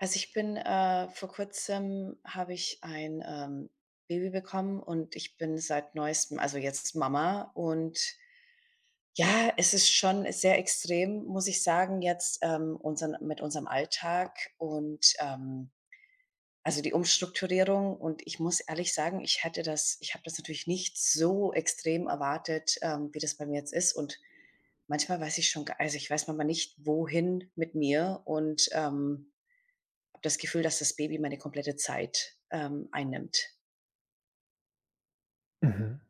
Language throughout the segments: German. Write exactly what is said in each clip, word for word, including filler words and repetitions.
Also, ich bin, äh vor Kurzem habe ich ein, ähm, Baby bekommen und ich bin seit Neuestem, also, jetzt Mama. Und ja, es ist schon sehr extrem, muss ich sagen jetzt, ähm, unseren mit unserem Alltag und, ähm, also, die Umstrukturierung. Und ich muss ehrlich sagen, ich hätte das ich habe das natürlich nicht so extrem erwartet, ähm, wie das bei mir jetzt ist. Und manchmal weiß ich schon g also, ich weiß manchmal nicht, wohin mit mir und, ähm, habe das Gefühl, dass das Baby meine komplette Zeit, ähm, einnimmt. Mhm.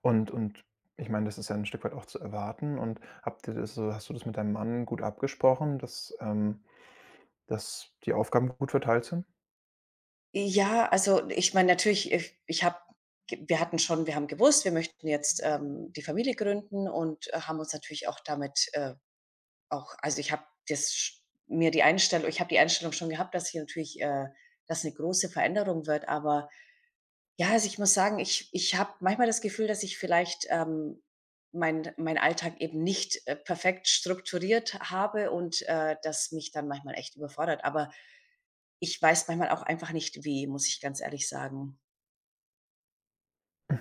Und und ich meine, das ist ja 'n Stück weit auch zu erwarten. Und habt ihr das hast du das mit deinem Mann gut abgesprochen, dass ähm, dass die Aufgaben gut verteilt sind? Ja, also, ich meine natürlich, if ich habe g wir hatten schon wir haben gewusst, wir möchten jetzt, ähm, die Familie gründen und haben uns natürlich auch damit, äh, auch also, ich habe das sch mir die Einstellung ich habe die Einstellung schon gehabt, dass hier natürlich, äh, das 'ne große Veränderung wird. Aber ja, also, ich muss sagen, ich ich habe manchmal das Gefühl, dass ich vielleicht, ähm, meinen meinen Alltag eben nicht, äh, perfekt strukturiert h habe und, äh, das mich dann manchmal echt überfordert. Aber ich weiß manchmal auch einfach nicht wie, muss ich ganz ehrlich sagen. Mhm.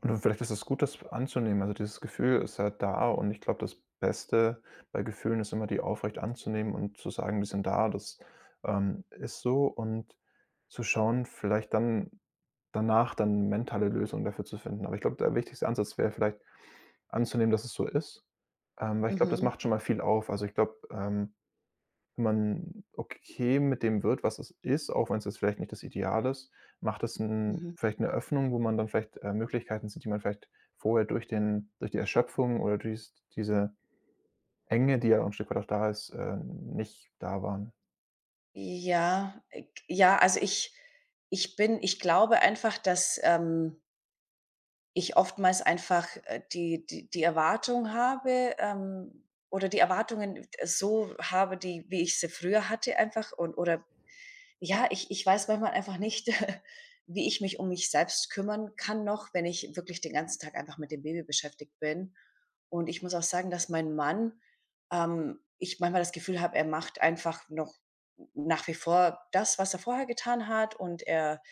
Und, äh, vielleicht ist es gut, das anzunehmen. Also, dieses Gefühl ist halt da, und ich glaube, das Beste bei Gefühlen ist immer, die aufrecht anzunehmen und zu sagen: „Die sind da, das, ähm, ist so“, und zu schauen, vielleicht dann danach dann mentale Lösungen dafür zu finden. Aber ich glaube, der wichtigste Ansatz wäre vielleicht anzunehmen, dass es so ist, ähm, weil ich glaube, das Mhm. macht schon mal viel auf. Also, ich glaube, ähm, wenn man okay mit dem wird, was es ist, auch wenn's jetzt vielleicht nicht das Ideal ist, macht das 'n Mhm. vielleicht 'ne Öffnung, wo man dann vielleicht, äh, Möglichkeiten sieht, die man vielleicht vorher durch den durch die Erschöpfung oder durch s diese Enge, die ja auch 'n Stück weit auch da ist, äh, nicht da waren. Ja, äh, g ja, also, ich ich bin ich glaube einfach, dass, ähm ich oftmals einfach, äh, die die die Erwartung habe ähm, oder die Erwartungen so habe, die wie ich sie früher hatte einfach und oder ja, ich ich weiß manchmal einfach nicht, wie ich mich um mich selbst kümmern kann noch, wenn ich wirklich den ganzen Tag einfach mit dem Baby beschäftigt bin. Und ich muss auch sagen, dass mein Mann ähm, ich manchmal das Gefühl habe, er macht einfach noch n nach wie vor das, was er vorher getan hat und er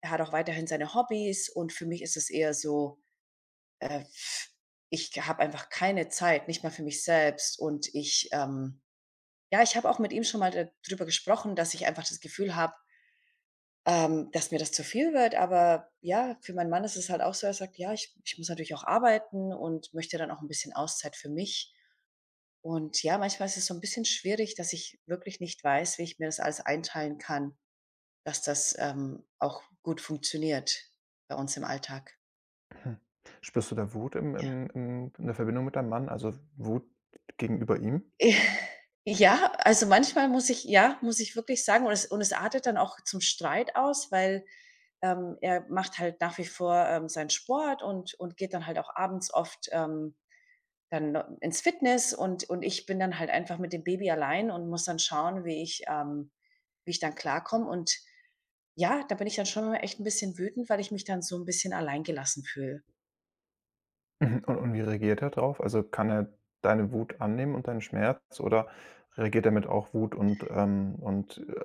er hat auch weiterhin seine Hobbys und für mich ist es eher so, äh ich habe einfach keine Zeit, nicht mal für mich selbst. Und ich, ähm ja, ich habe auch mit ihm schon mal da drüber gesprochen, dass ich einfach das Gefühl habe ähm, dass mir das zu viel wird. Aber, ja, für meinen Mann ist es halt auch so, er sagt: „Ja, ich ich muss natürlich auch arbeiten und möchte ja dann auch 'n bisschen Auszeit für mich.“ Und ja, manchmal ist es so 'n bisschen schwierig, dass ich wirklich nicht weiß, wie ich mir das alles einteilen kann, dass das, ähm, auch gut funktioniert bei uns im Alltag. Hm. Spürst du da Wut im Ja. im im in der Verbindung mit deinem Mann, also, Wut gegenüber ihm? Ja, also, manchmal muss ich ja, muss ich wirklich sagen und es und es artet dann auch zum Streit aus, weil, ähm, er macht halt nach wie vor, ähm, seinen Sport und und geht dann halt auch abends oft, ähm, dann no ins Fitness, und und ich bin dann halt einfach mit dem Baby allein und muss dann schauen, wie ich ähm, wie ich dann klarkomme und, ja, da bin ich dann schon mal echt 'n bisschen wütend, weil ich mich dann so 'n bisschen alleingelassen fühle. Mhm, und und wie reagiert er drauf? Also, kann er deine Wut annehmen und deinen Schmerz? Oder reagiert er mit auch Wut und, ähm, und, äh,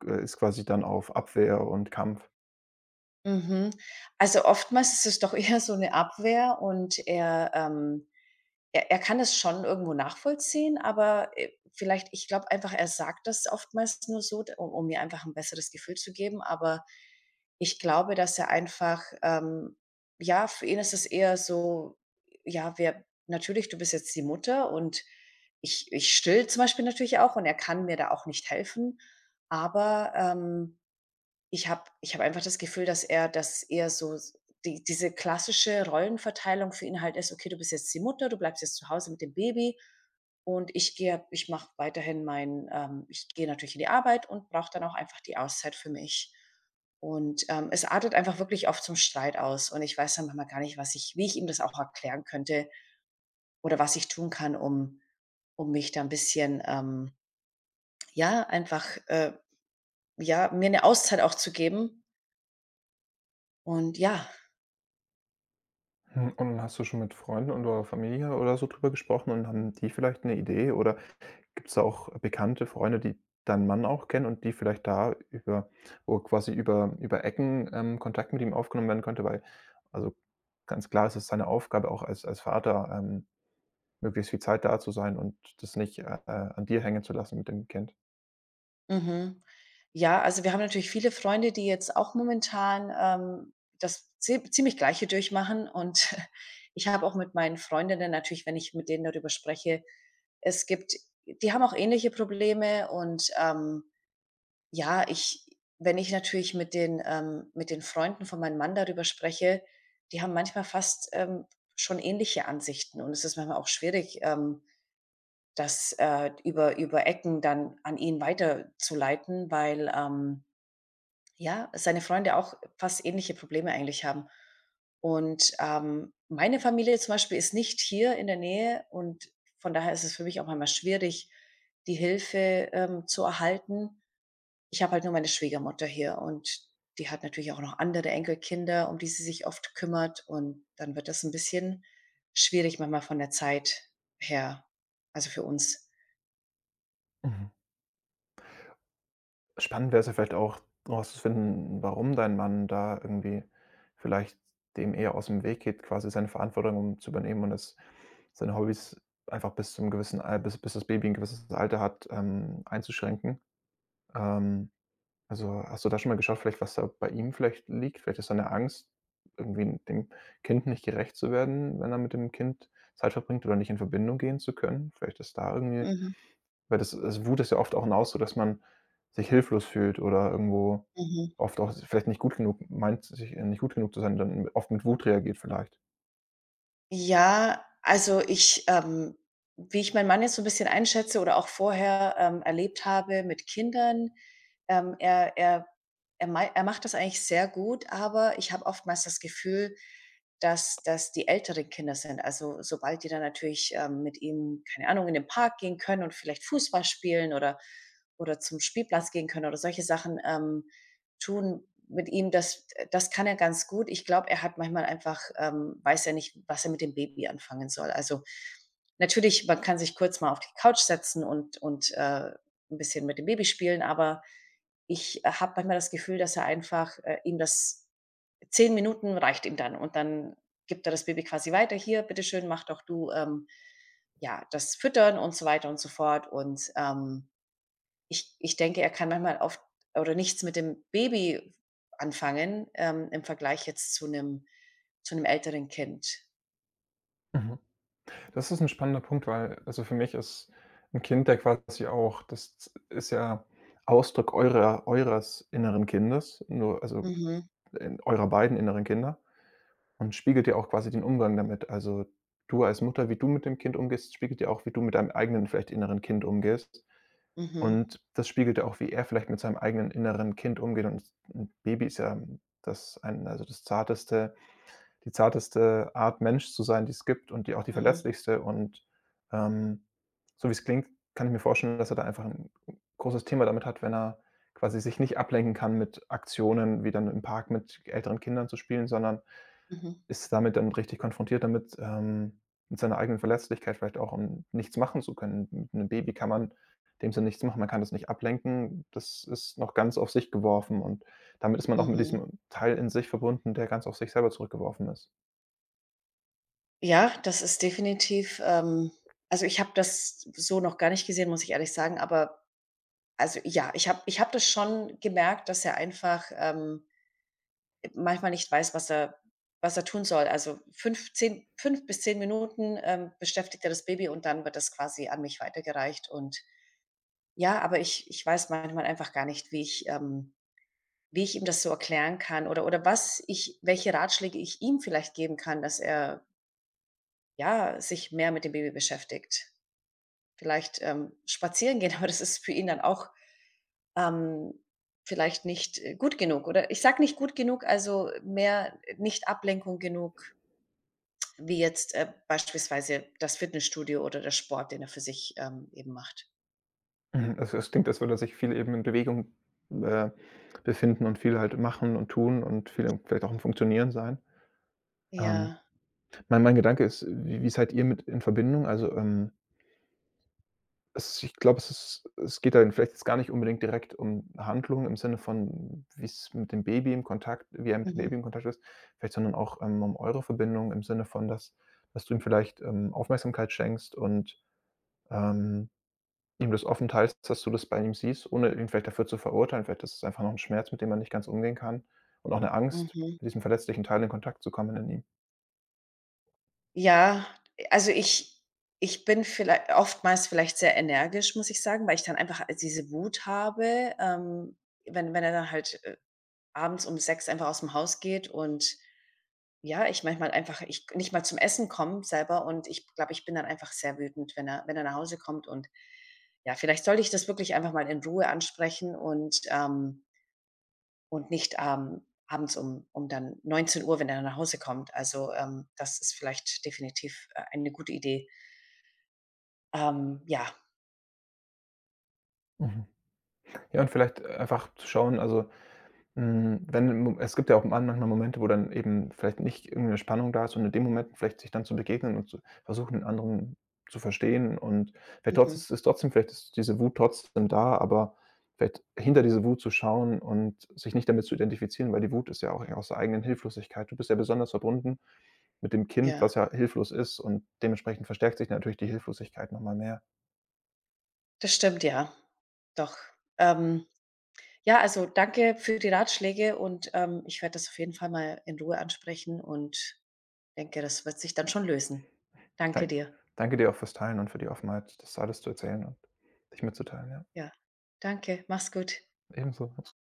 g ist quasi dann auf Abwehr und Kampf? Mhm, also, oftmals ist es doch eher so 'ne Abwehr und er ähm, er er kann es schon irgendwo nachvollziehen, aber, äh, vielleicht ich glaube einfach, er sagt das oftmals nur so, u um mir einfach 'n besseres Gefühl zu geben, aber ich glaube, dass er einfach ähm, ja, für ihn ist es eher so: „Ja, wir natürlich, du bist jetzt die Mutter.“ Und ich ich stille zum Beispiel natürlich auch, und er kann mir da auch nicht helfen. Aber, ähm, ich habe ich habe einfach das Gefühl, dass er dass er so s die diese klassische Rollenverteilung für ihn halt ist: „Okay, du bist jetzt die Mutter, du bleibst jetzt zu Hause mit dem Baby und ich gehe ich mache weiterhin mein ähm, ich gehe natürlich in die Arbeit und brauche dann auch einfach die Auszeit für mich.“ Und, ähm, es artet einfach wirklich oft zum Streit aus, und ich weiß dann manchmal gar nicht, was ich wie ich ihm das auch erklären könnte oder was ich tun kann, um um mich da 'n bisschen, ähm ja, einfach äh, ja, mir 'ne Auszeit auch zu geben. Und ja. Hm, und hast du schon mit Freunden oder Familie oder so drüber gesprochen, und haben die vielleicht 'ne Idee? Oder gibt's da auch bekannte Freunde, die deinen Mann auch kennen und die vielleicht da über wo quasi über über Ecken, ähm, Kontakt mit ihm aufgenommen werden könnte? Weil also, ganz klar ist es seine Aufgabe auch als als Vater, ähm, möglichst viel Zeit da zu sein und das nicht, äh, äh, an dir hängen zu lassen mit dem Kind. Mhm. Ja, also wir haben natürlich viele Freunde, die jetzt auch momentan, ähm, das ze ziemlich Gleiche durchmachen, und ich habe auch mit meinen Freundinnen natürlich wenn ich mit denen darüber spreche es gibt die haben auch ähnliche Probleme. Und, ähm, ja, ich wenn ich natürlich mit den ähm, mit den Freunden von meinem Mann darüber spreche, die haben manchmal fast, ähm, schon ähnliche Ansichten und es ist manchmal auch schwierig, ähm, das, äh, über über Ecken dann an ihn weiterzuleiten, weil, ähm, ja, seine Freunde auch fast ähnliche Probleme eigentlich haben. Und, ähm, meine Familie zum Beispiel ist nicht hier in der Nähe, und von daher ist es für mich auch manchmal schwierig, die Hilfe, ähm, zu erhalten. Ich habe halt nur meine Schwiegermutter hier und die hat natürlich auch noch andere Enkelkinder, um die sie sich oft kümmert, und dann wird das 'n bisschen schwierig manchmal von der Zeit her, also für uns. Mhm. Spannend wäre es ja vielleicht auch, rauszufinden, n warum dein Mann da irgendwie vielleicht dem eher ausm Weg geht, quasi seine Verantwortung zu übernehmen und das, seine Hobbys einfach bis zum gewissen Al bis bis das Baby 'n gewisses Alter hat, ähm, einzuschränken. Ähm, also, hast du da schon mal geschaut vielleicht, was da bei ihm vielleicht liegt? Vielleicht ist da 'ne Angst, irgendwie dem Kind nicht gerecht zu werden, wenn er mit dem Kind Zeit verbringt oder nicht in Verbindung gehen zu können. Vielleicht ist da irgendwie Mhm. weil das, äh, s Wut ist ja oft auch 'n Ausdruck, dass man sich hilflos fühlt oder irgendwo Mhm. oft auch s vielleicht nicht gut genug m meint sich nicht gut genug zu sein und dann oft mit Wut reagiert vielleicht. Ja, also, ich ähm, wie ich meinen Mann jetzt so 'n bisschen einschätze oder auch vorher, ähm, erlebt habe mit Kindern, ähm, er er er mei er macht das eigentlich sehr gut, aber ich habe oftmals das Gefühl, dass dass die älteren Kinder sind, also, sobald die dann natürlich, ähm, mit ihm, keine Ahnung, in den Park gehen können und vielleicht Fußball spielen oder oder zum Spielplatz gehen können oder solche Sachen, ähm, tun mit ihm, das, äh das kann er ganz gut. Ich glaube, er hat manchmal einfach, ähm weiß er nicht, was er mit dem Baby anfangen soll. Also, natürlich, man kann sich kurz mal auf die Couch setzen und und, äh, 'n bisschen mit dem Baby spielen, aber ich habe manchmal das Gefühl, dass er einfach äh, ihm das zehn Minuten reicht ihm dann und dann gibt er das Baby quasi weiter: „Hier, Bitteschön, mach doch du, ähm, ja, das Füttern und so weiter und so fort,“ und, ähm, ich ich denke, er kann manchmal oft oder nichts mit dem Baby anfangen, ähm, im Vergleich jetzt zu 'nem zu 'nem älteren Kind. Mhm. Das ist 'n spannender Punkt, weil, also, für mich ist 'n Kind ja quasi auch das ist ja Ausdruck eurer eures inneren Kindes, nur, also, Mhm. in eurer beiden inneren Kinder und spiegelt ja auch quasi den Umgang damit. Also, du als Mutter, wie du mit dem Kind umgehst, spiegelt ja auch, wie du mit deinem eigenen vielleicht inneren Kind umgehst. Mhm. Und das spiegelt ja auch, wie er vielleicht mit seinem eigenen inneren Kind umgeht. Und 'n Baby ist ja das ein also, das zarteste die zarteste Art, Mensch zu sein, die's gibt und die auch die Mhm. verletzlichste. Und, ähm, so wie's klingt, kann ich mir vorstellen, dass er da einfach 'n großes Thema damit hat, wenn er quasi sich nicht ablenken kann mit Aktionen, wie dann im Park mit älteren Kindern zu spielen, sondern Mhm. ist damit dann richtig konfrontiert, damit ähm, mit seiner eigenen Verletzlichkeit vielleicht auch und nichts machen zu können. Mit 'nem Baby kann man in dem Sinne nichts machen, man kann das nicht ablenken. Das ist noch ganz auf sich geworfen und damit ist man auch mit Mhm. diesem Teil in sich verbunden, der ganz auf sich selber zurückgeworfen ist. Ja, das ist definitiv ähm, also, ich habe das so noch gar nicht gesehen, muss ich ehrlich sagen, aber also, ja, ich habe ich habe das schon gemerkt, dass er einfach, ähm, äh, manchmal nicht weiß, was er was er tun soll. Also, fünf, zehn, fünf bis zehn Minuten, ähm, beschäftigt er das Baby und dann wird das quasi an mich weitergereicht. Und ja, aber ich ich weiß manchmal einfach gar nicht, wie ich ähm, wie ich ihm das so erklären kann oder oder was ich welche Ratschläge ich ihm vielleicht geben kann, dass er ja, sich mehr mit dem Baby beschäftigt. Vielleicht, ähm, spazieren gehen, aber das ist für ihn dann auch, ähm, vielleicht nicht, äh, gut genug. Oder ich sage nicht gut genug, also, mehr nicht Ablenkung genug wie jetzt, äh, beispielsweise das Fitnessstudio oder der Sport, den er für sich, ähm, eben macht. Mhm. Also, es klingt, als würde er sich viel eben in Bewegung, äh, befinden und viel halt machen und tun und viel vielleicht auch am Funktionieren sein. Ähm, Ja. mein mein Gedanke ist: Wie wie seid ihr mit in Verbindung? Also, ähm Es ich glaube, es ist es geht da vielleicht jetzt gar nicht unbedingt direkt um Handlung im Sinne von wie's mit dem Baby in Kontakt wie er mit dem Mhm. Baby in Kontakt ist vielleicht, sondern auch, ähm, um eure Verbindung im Sinne von, dass dass du ihm vielleicht, ähm, Aufmerksamkeit schenkst und, ähm, ihm das offen teilst, dass du das bei ihm siehst, ohne ihn vielleicht dafür zu verurteilen. Vielleicht ist es einfach noch 'n Schmerz, mit dem er nicht ganz umgehen kann, und auch 'ne Angst, Mhm. mit diesem verletzlichen Teil in Kontakt zu kommen in ihm. Ja, also, ich ich bin viellei oftmals vielleicht sehr energisch, muss ich sagen, weil ich dann einfach al diese Wut habe, ähm, wenn wenn er dann halt, äh, abends um sechs einfach aus'm Haus geht und ja, ich manchmal einfach ich k nicht mal zum Essen komme selber und ich glaube, ich bin dann einfach sehr wütend, wenn er wenn er nach Hause kommt. Und ja, vielleicht sollte ich das wirklich einfach mal in Ruhe ansprechen und, ähm und nicht, ähm, abends um um dann neunzehn Uhr, wenn er dann nach Hause kommt. Also, ähm, das ist vielleicht definitiv, äh, eine gute Idee. Ähm, ja. Mhm. Ja, und vielleicht einfach zu schauen, also, hm, wenn es gibt ja auch man manchmal Momente, wo dann eben vielleicht nicht irgend 'ne Spannung da ist und in den Momenten vielleicht sich dann zu begegnen und zu versuchen, den anderen zu verstehen und vielleicht Mhm. trotz ist trotzdem vielleicht ist diese Wut trotzdem da, aber vielleicht hinter diese Wut zu schauen und sich nicht damit zu identifizieren, weil die Wut ist ja auch aus der eigenen Hilflosigkeit. Du bist ja besonders verbunden mit dem Kind, Ja. was ja hilflos ist, und dementsprechend verstärkt sich natürlich die Hilflosigkeit noch mal mehr. Das stimmt, ja. Doch. Ähm, ja, also, danke für die Ratschläge und, ähm, ich werde das auf jeden Fall mal in Ruhe ansprechen und denke, das wird sich dann schon lösen. Danke Dan dir. danke dir auch fürs Teilen und für die Offenheit, das alles zu erzählen und dich mitzuteilen, ja. Ja, danke. Mach's gut. Ebenso. [unintelligible]